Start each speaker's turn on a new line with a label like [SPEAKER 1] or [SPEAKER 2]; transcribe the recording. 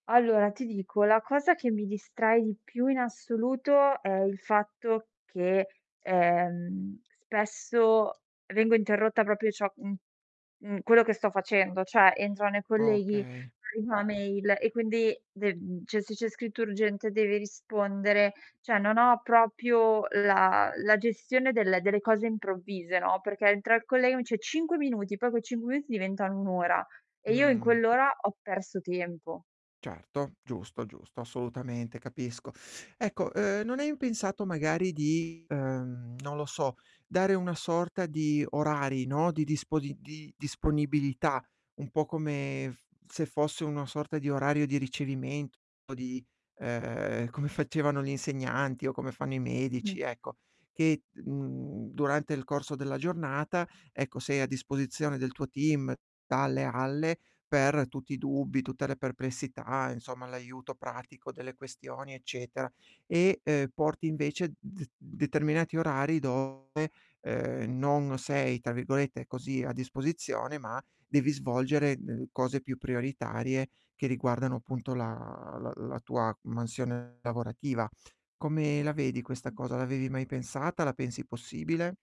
[SPEAKER 1] Allora, ti dico, la cosa che mi distrae di più in assoluto è il fatto che, ehm, spesso vengo interrotta proprio ciò mhmm, in quello che sto facendo, cioè entrano i colleghi,
[SPEAKER 2] Okay.
[SPEAKER 1] arriva una mail e quindi de mhmm, cioè se c'è scritto urgente devi rispondere, cioè non ho proprio la la gestione del delle cose improvvise, no, perché entra il collega, mi dice: "5 minuti." Poi quei 5 minuti diventano un'ora, e io in
[SPEAKER 2] Mh.
[SPEAKER 1] quell'ora ho perso tempo.
[SPEAKER 2] Certo. Giusto, giusto assolutamente capisco. Ecco, uhm, non hai pensato magari di, uhm, non lo so, dare una sorta di orari, no, di disponi di disponibilità, un po' come f se fosse una sorta di orario di ricevimento, di, uhm, come facevano gli insegnanti, o come fanno i medici,
[SPEAKER 1] Mh-mh.
[SPEAKER 2] ecco. Che, mhmm, durante il corso della giornata, ecco, sei a disposizione del tuo team dalle alle per tutti i dubbi, tutte le perplessità, insomma l'aiuto pratico delle questioni eccetera, e, uhm, porti invece d determinati orari dove, uhm, non sei, tra virgolette, così "a disposizione", ma devi svolgere d cose più prioritarie che riguardano, appunto, la la la tua mansione lavorativa. Come la vedi questa
[SPEAKER 1] Mh-mh.
[SPEAKER 2] cosa? L'avevi mai pensata? La pensi possibile?